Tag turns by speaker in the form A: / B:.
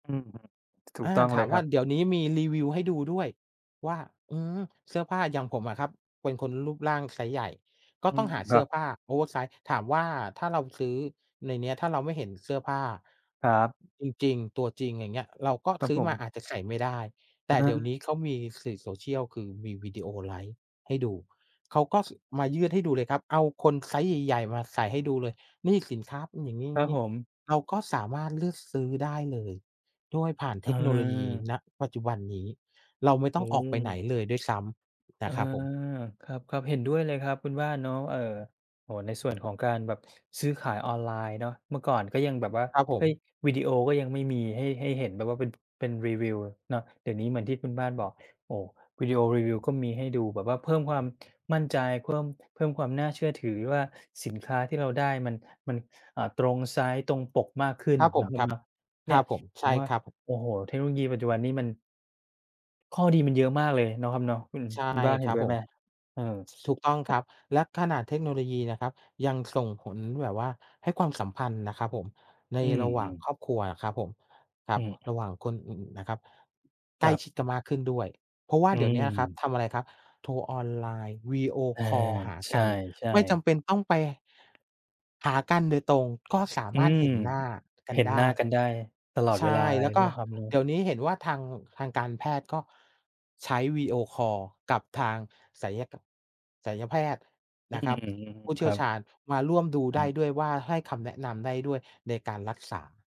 A: อือฮึ ถู
B: อ
A: ก
B: า
A: ต้อง
B: ถ
A: เล
B: า
A: ย
B: ม
A: ค
B: ว
A: ร
B: ่
A: ั
B: า
A: บ
B: เดี๋ยวนี้มีรีวิวให้ดูด้วยว่า อืม เสื้อผ้า อย่างผมอะครับ เป็นคนรูปร่างไซซ์ใหญ่ ก็
A: อื
B: ต้อง
A: ม
B: หา
A: ค
B: เส
A: ร
B: ื
A: ั
B: ้อผ้
A: บ
B: า oversize ถามว่าถ้าเราซื้อในเนี้ย ถ้าเราไม่เห็นเสื้อผ้า
A: ครับ
B: จริง ๆ ตัวจริง อย่างเงี้ย เราก็
A: ครับ
B: ซื้
A: ผ
B: อมา
A: ม
B: อาจจะใส่ไม่ได้ แต
A: อ
B: ่เดี๋ยว
A: า
B: นี้เขามีสื่อ social คือมีวิดีโอไลฟ์ให้ดู เขาก็ ส มายืดให้ดูเลยครับ เอาคนไซซ์ใหญ่ ๆ มาใส่ให้ดูเลย นี่สินค้าเป็นอย่าง
A: ครับ
B: งี
A: ผ
B: ้
A: ม
B: ๆ เราก็สามารถเลือกซื้อได้เลยโดยผ่าน
A: อ
B: เ
A: ื
B: ทคโนโลยี
A: อ
B: ปัจจุบันนี้ เราไม่
A: อ
B: ต้
A: ื
B: อง ออกไปไห
A: ม
B: นเลยด้วยซ้ำ น
A: อา
B: ะครับผม
A: ครับ ๆ เห็นด้วยเลยครับคุณบ้านเนาะ เออ โอ้โฮ ใน ส่วนของการแบบซื้อขายออนไลน์เนาะ เมื่อก่อนก็ยังแบบว่า
B: ครับผ
A: เฮ้ย
B: ม
A: วิดีโอก็ยังไม่มีให้ ให้เห็นแบบว่าเป็น เป็นรีวิวเนาะ เดี๋ยวนี้เหมือนที่คุณบ้านบอก โอ้โฮ วิดีโอรีวิวก็มีให้ดูแบบว่าเพิ่มความมั่นใจ เพิ่ม เพิ่มความน่าเชื่อถือว่าสินค้าที่เราได้มัน มัน อ่า ตรงไซซ์ ตรงปกมากขึ้น
B: ครับผ
A: เนา
B: ม
A: ะเม
B: คร
A: ม
B: ับ
A: เนาะ เน
B: ค
A: ี
B: ร
A: ่ย
B: ับผม
A: ผ
B: ใช่
A: มว่า
B: ครับ
A: โอ้โฮ เทคโนโลยีปัจจุบันนี่มัน ข้อดีมันเยอะมากเลยเนาะครับเนาะ คุณ
B: ใช่
A: คุณบ้านเห
B: ค
A: ็
B: ร
A: น
B: ับ
A: ด้วย
B: ผ
A: ไห
B: ม
A: ม? เออ
B: ถูกต้องครับ และขนาดเทคโนโลยีนะครับ ยังส่ง ผลแบบว่าให้ความสัมพันธ์นะครับผม ใน
A: อื
B: ระหว่าง
A: ม ๆ
B: ครอบครัวน่ะครับผม คร
A: อ
B: ั
A: ื
B: บ
A: ม
B: ระหว่างคนอื่นนะครับ ใ
A: ค
B: กล
A: ร
B: ้
A: ับ
B: ชิดกันมากขึ้นด้วย เพราะว่า
A: อื
B: เดี๋ยวเนี้ยครับ
A: ม
B: ทำอะไรครับ โทรออนไลน์ วิดีโอ
A: อา
B: คอลหา
A: ใ
B: กัน
A: ช่
B: ไม่จ
A: ๆ
B: ำเป็นต้องไป หากันโดยตรง ก็สา
A: อื
B: มารถ
A: ม
B: เห็นหน้ากั
A: เห
B: น
A: ็น
B: ได
A: หน้
B: ้
A: ากันได้ตลอด
B: ใช
A: เวล
B: ่
A: าเล
B: แล
A: ย
B: ้ว
A: เ
B: ก
A: น
B: ็
A: าะครับเนาะ
B: เดี๋ยวนี้เห็นว่าทาง ทางการแพทย์ก็ใช้วิดีโอคอลกับทางศัลยก ศัลยแพทย์
A: อื
B: นะคร
A: ม
B: ับ ผู้เ
A: ค
B: ชี่
A: ร
B: ย
A: ั
B: ว
A: บ
B: ชาญมาร่วมดู
A: ใช
B: ได้
A: ่
B: ด้วยว่า ให้คำแนะนำได้ด้วยในการรักษา